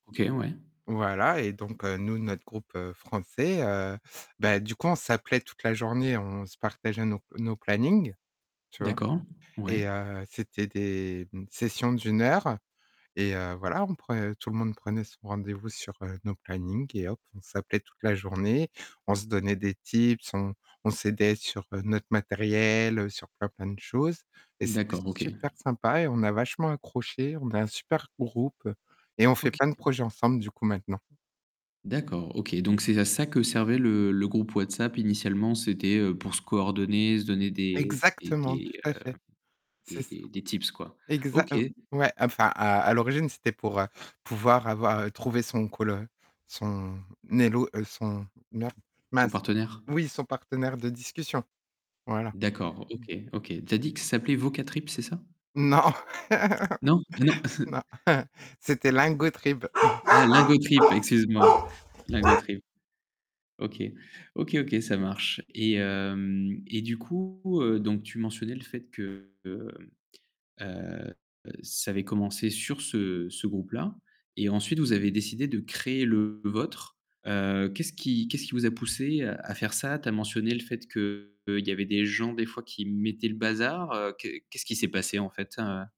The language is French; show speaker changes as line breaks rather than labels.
OK, ouais.
Voilà et donc, heu, nous notre groupe, heu, français, heu, bah du coup on s'appelait toute la journée, on se partageait nos p nos plannings, tu vois?
D'accord, ouais.
Et heu, c'était des sessions d'1 heure et heu, voilà, on pre tout le monde prenait son rendez-vous sur, heu, nos plannings et hop, on s'appelait toute la journée, on se donnait des tips, on on s'aidait sur notre matériel, heu, sur plein, plein de choses et c'était
D'accord, OK.
super sympa et on a vachement accroché, on a un super groupe et on fait
OK.
plein de projets ensemble du coup maintenant.
D'accord, OK. Donc c'est à ça que servait le le groupe WhatsApp initialement, c'était, heu, pour se coordonner, se donner des des
Exactement,
des,
tout
heu,
à fait, c'est
des
ça.
des des tips, quoi.
Exa
OK.
heu, ouais enfin à à l'origine, c'était pour, heu, pouvoir avoir trouver son coll heu son élo heu, son, mer
Son
mince,
partenaire.
oui, son partenaire de discussion, voilà.
D'accord, OK, OK. Tu as dit que ça s'appelait Vocatrip, c'est ça?
Non.
Non? Non.
Non c'était Lingotrip.
Ah Lingotrip excuse-moi, Lingotrip. OK. OK, OK, ça marche et hem, et du coup, heu, donc tu mentionnais le fait que, heu, heu, ça avait commencé sur ce ce groupe-là. Et ensuite, vous avez décidé de créer le vôtre. Heu, qu'est-ce qui qu'est-ce qui vous a poussés à faire ça? Tu as mentionné le fait qu'il y avait des gens des fois qui mettaient le bazar, heu, qu'est qu'est-ce qui s'est passé en fait, heu?